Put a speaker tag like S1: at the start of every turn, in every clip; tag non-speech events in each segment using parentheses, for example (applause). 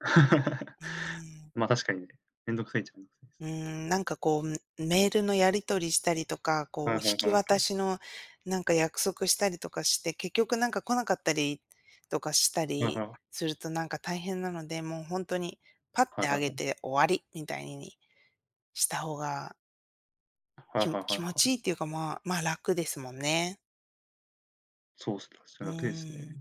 S1: (chuckles)
S2: うーん。
S1: ま、確かにね、面倒くさいっちゃ、めん
S2: うーん、なんか、こう、メールのやり取りしたりとか、こう、
S1: は
S2: 引
S1: いはい
S2: き
S1: はいは
S2: 渡
S1: い。
S2: しの、なんか、約束したりとかして、結局、なんか、来なかったりとかした
S1: うん、
S2: り
S1: は。
S2: すると、なんか、大変なので、もうほんとに、パッ
S1: は
S2: て
S1: いは
S2: 上
S1: い
S2: げ
S1: はい。
S2: て終わりみたいにしたほうが
S1: は
S2: き
S1: い
S2: も
S1: はいはい
S2: 気持ちい
S1: は。
S2: いっていうか、まあ、ま、楽ですもんね。
S1: そうすよ、そ
S2: う
S1: なていす
S2: ー
S1: ね。
S2: ん。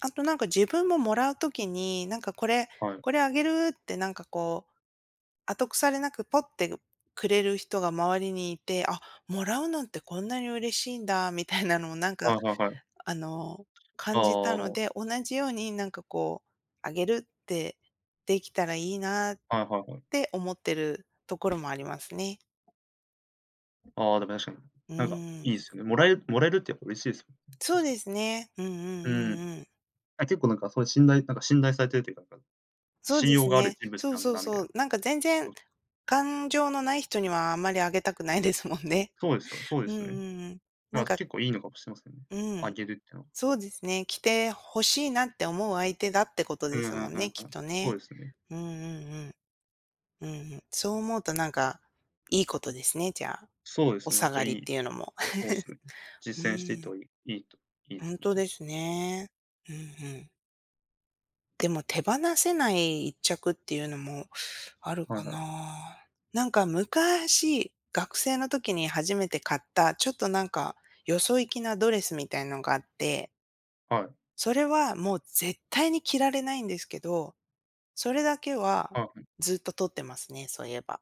S2: あと、なんか、自分ももらう時に、「なんか、これ
S1: はい。
S2: これあげる」って、なんか、こう、後腐れなくポッてくれる人が周りにいて、「あ、もらうのってこんなに嬉しいんだ」みたいなのをなん
S1: は
S2: か、
S1: いはいはい。
S2: あの、
S1: あ
S2: 感じたの
S1: あ。
S2: で、同じように、なんか、こう、「あげる」ってできたらいいなっ
S1: はいはいはい。
S2: て思ってるところもありますね。
S1: ああ、でも確かに。
S2: う
S1: なんか、
S2: ーん。
S1: いいすよね。もらえもらえるってやっぱ嬉しいです。
S2: そう
S1: 確かに。
S2: ですね。うんう
S1: う
S2: んう
S1: ーん。
S2: んうん。
S1: あ、結構、なんか、そういう信頼なんか、信頼されてるっていうか、かん
S2: そう
S1: 信
S2: です
S1: 用がある
S2: ね。
S1: 人物
S2: そう
S1: なん
S2: そ
S1: だ
S2: う
S1: なみた
S2: そ
S1: いな、
S2: う。なんか、全然
S1: (unintelligible)
S2: 感情のない人にはあまりあげたくないですもんね。
S1: そうですよ。そうで
S2: うんう
S1: すよね。
S2: んうん。な
S1: だ
S2: ん
S1: から
S2: か
S1: 結構いいのかもしれませんね。
S2: うー
S1: あ
S2: ん。
S1: げるっていうのは。
S2: そうですね。「着て欲しいな」って思う相手だってこと
S1: う
S2: で
S1: んう
S2: すもん
S1: んうんう
S2: ね、
S1: ん。
S2: きっと
S1: そう
S2: ね。
S1: ですね。
S2: うんうんうん。うんうん。そう思うと、なんか、いいことですね、じゃあ。
S1: そうで
S2: お
S1: すね、
S2: 下
S1: じゃ、
S2: がり
S1: い
S2: っ
S1: い
S2: ていうのも。
S1: そうですね。
S2: (chuckles) う
S1: 実践していっ
S2: ー
S1: た
S2: ん。
S1: 方がいいいいといいで
S2: ほ
S1: す
S2: ん
S1: ね、
S2: と
S1: じゃあ。
S2: ですね。ふんふん。でも手放せない1着っていうのもある
S1: はい
S2: か
S1: はい。
S2: な。なんか、昔、学生の時に初めて買った、ちょっと、なんか、よそいきなドレスみたいのがあって。
S1: はい。
S2: それは、もう絶対に着られないんですけど、それだけは、
S1: は。
S2: ずっと取ってますね、そういえば。